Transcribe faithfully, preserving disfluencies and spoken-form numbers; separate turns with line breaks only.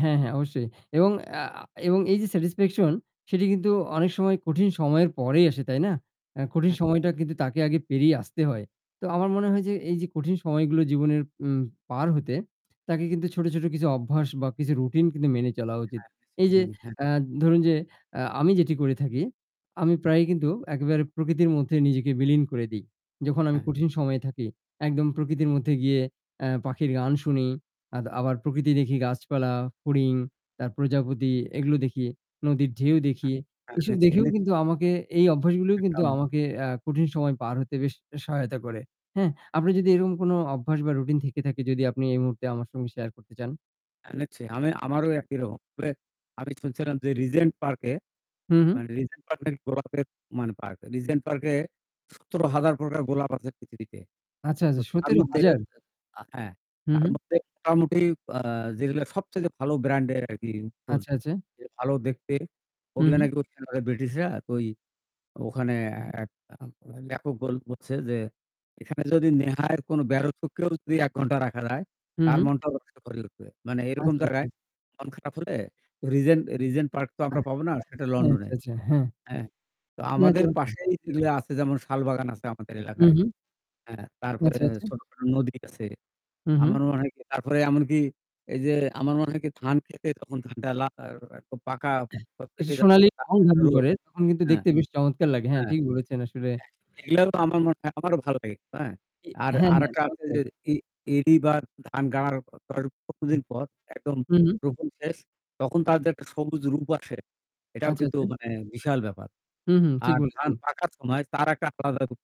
হ্যাঁ, হ্যাঁ, অবশ্যই। এবং অ্যা আ এবং এই যে স্যাটিসফ্যাকশন, সেটি কিন্তু অনেক সময় কঠিন সময়ের পরেই আসে। তাই না? আ কঠিন
[unintelligible]
সময়টা কিন্তু তাকে আগে পেরিয়ে আসতে হয়। তো আমার মনে হয় যে এই যে কঠিন সময়গুলো জীবনের উম পার হতে তাকে কিন্তু ছোট, ছোট কিছু অভ্যাস বা কিছু রুটিন কিন্তু মেনে চলা
হ্যাঁ,
উচিত।
হ্যাঁ, হইসে।
এই যে
হ্যাঁ, হ্যাঁ।
আ ধরুন যে আ আমি যেটি করে থাকি, আমি প্রায়ই কিন্তু একেবারে প্রকৃতির মধ্যে নিজেকে বিলীন করে দিই। যখন আমি
হ্যাঁ।
কঠিন সময়ে থাকি একদম প্রকৃতির মধ্যে গিয়ে অ্যা পাখির গান শুনি, আদ আবার প্রকৃতি দেখি, গাছপালা, ফড়িং, তার প্রজাপতি এগুলো দেখি। নদীর ঢেউ
আ
দেখি।
হ্যাঁ।
এসব
এনেছি,
দেখেও
এনেছি।
কিন্তু আমাকে এই অভ্যাসগুলোই
একটা
কিন্তু
উ
আমাকে অ্যা কঠিন সময় পার হতে বেশ সহায়তা করে। হ্যাঁ? আপনার যদি এরকম কোনো অভ্যাস বা রুটিন থেকে থাকে, যদি আপনি এই মুহূর্তে আমার সঙ্গে শেয়ার করতে চান।
এনেছি। আমি আমারও একই রকম। প্রে আমি শুনছিলাম যে রিজেন্ট পার্কে
হুম, হু।
মানে রিজেন্ট পার্কের গোলাপের মানে পার্ক। রিজেন্ট পার্কে সতেরো হাজার প্রকার গোলাপ আছে পৃথিবীতে।
আচ্ছা,
তো
আচ্ছা।
তার
সতেরো
মধ্যে এ
হাজার!
আ হ্যাঁ।
হুম,
তার
হু।
মধ্যে মোটামুটি আ যেগুলা সবচাইতে ভালো ব্র্যান্ডের আরকি ফুল,
আচ্ছা, আচ্ছা।
যে ভালো দেখতে,
হুম,
ওগুলা
হু।
নাকি ওইখানে ওরা ব্রিটিশরা ওই ওখানে এ আ ওরা লেখক বল বলছে যে, "এখানে যদি নেহায় কোনো ব্যর্থকেও যদি এক ঘণ্টা রাখা যায়,
হুম,
তার
হু।
মনটাও [unintelligible] ভরে উঠবে।" মানে এরকম
আচ্ছা,
জায়গায়
আচ্ছা।
মন খারাপ হলে রিজেন রিজেন্ট পার্ক তো আমরা
আচ্ছা,
পাব না সেটা
আচ্ছা,
লন্ডনে।
আচ্ছা, আচ্ছা। হ্যাঁ।
হ্যাঁ? তো
না,
আমাদের
চমৎকার।
পাশেই যেগুলি আছে, যেমন; শাল বাগান আছে আমাদের
হু,
এলাকায়।
হুম।
হ্যাঁ। তারপরে
আচ্ছা, আচ্ছা।
ছোট নদী আছে।
হুম, হু।
আমার মনে হয় কী তারপরে এমনকি এই যে আমার মনে হয় কী, ধান খেতে যখন ধানটা লাগায় ওরা, তো পাকা
এটা
পেকে যাচ্ছে।
সোনালি রং ধারণ
[unintelligible]
করে, তখন কিন্তু
হ্যাঁ। হ্যাঁ।
দেখতে বেশ চমৎকার লাগে। হ্যাঁ,
হ্যাঁ,
ঠিক বলেছেন আসলে।
এগুলাও আমার মনে হয় আমারও ভাল লাগে। হ্যাঁ?
ই
আর
হ্যাঁ, হ্যাঁ।
আরেকটা আছে
চমৎকার।
যে ই ইরি বার ধান গড়ার
হুম,
কতদিন পর একদম
হু।
রোপণ শেষ, তখন তাদের একটা সবুজ রূপ আসে। এটাও
আচ্ছা,
কিন্তু
আচ্ছা।
মানে বিশাল ব্যাপার।
হুম, হুম। ঠিক
আর ধান
বলেছেন।
পাকার সময় তার একটা আলাদা রূপ